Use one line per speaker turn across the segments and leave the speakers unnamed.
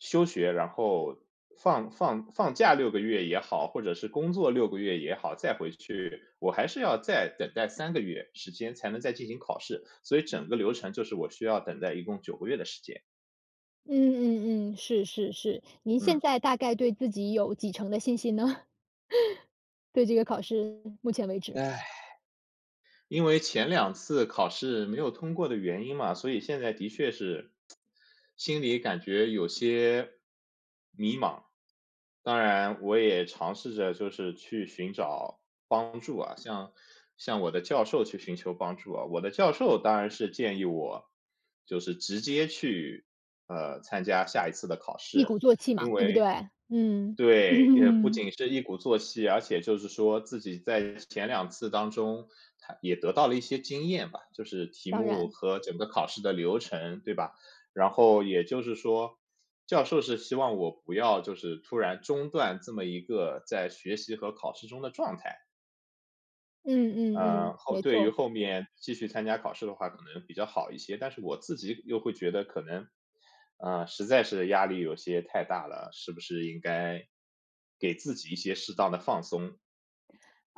休学，然后放放放假6个月也好，或者是工作6个月也好，再回去，我还是要再等待3个月时间才能再进行考试，所以整个流程就是我需要等待一共9个月的时间。
嗯嗯嗯，是是是，您现
嗯。
在大概对自己有几成的信心呢？对这个考试，目前为止。
因为前两次考试没有通过的原因嘛，所以现在的确是 心里感觉有些迷茫。当然我也尝试着就是去寻找帮助啊，向向我的教授去寻求帮助啊。我的教授当然是建议我就是直接去，呃，参加下一次的考
一
试，
鼓作气嘛，
因
对不
为
对？嗯。
对，也不 仅是一鼓作气，而且就是说自己在前两次当中他也得到了一些经验吧，就是题
当
目
然。
和整个考试的流程，对吧？然后也就是说教授是希望我不要就是突然中断这么一个在学习和考试中的状态。
嗯嗯
呃，
嗯，
后
没
对于
错。
后面继续参加考试的话可能比较好一些，但是我自己又会觉得可能，呃，实在是压力有些太大了，是不是应该给自己一些适当的放松？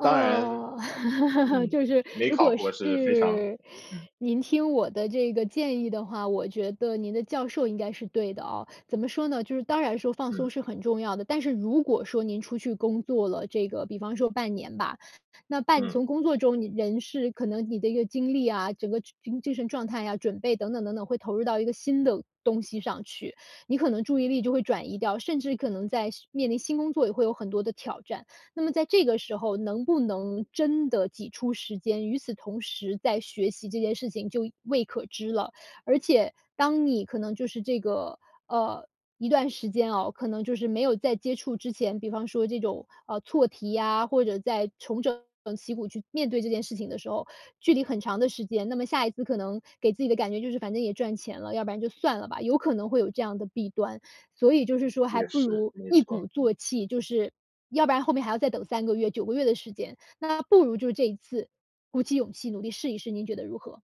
当然，嗯，
就是
没
如
考
果
过是非常
是
嗯。
您听我的这个建议的话，我觉得您的教授应该是对的哦。怎么说呢，就是当然说放
嗯。
松是很重要的，但是如果说您出去工作了这个比方说半年吧，那半
嗯。
从工作中人是可能你的一个精力啊，整个精精神状态呀准备等等等等，会投入到一个新的东西上去，你可能注意力就会转移掉，甚至可能在面临新工作也会有很多的挑战。那么在这个时候能不能真的挤出时间，与此同时在学习这件事情就未可知了。而且当你可能就是这个，呃，一段时间哦，可能就是没有在接触之前，比方说这种，啊，错题呀，或者在重整旗鼓去面对这件事情的时候，距离很长的时间，那么下一次可能给自己的感觉就是反正也赚钱了，要不然就算了吧，有可能会有这样的弊端。所以就是说还
也
不
是，
如
没
一
错。
鼓作气就是要不然后面还要再等3个月、9个月的时间，那不如就这一次鼓起勇气努力试一试，您觉得如何？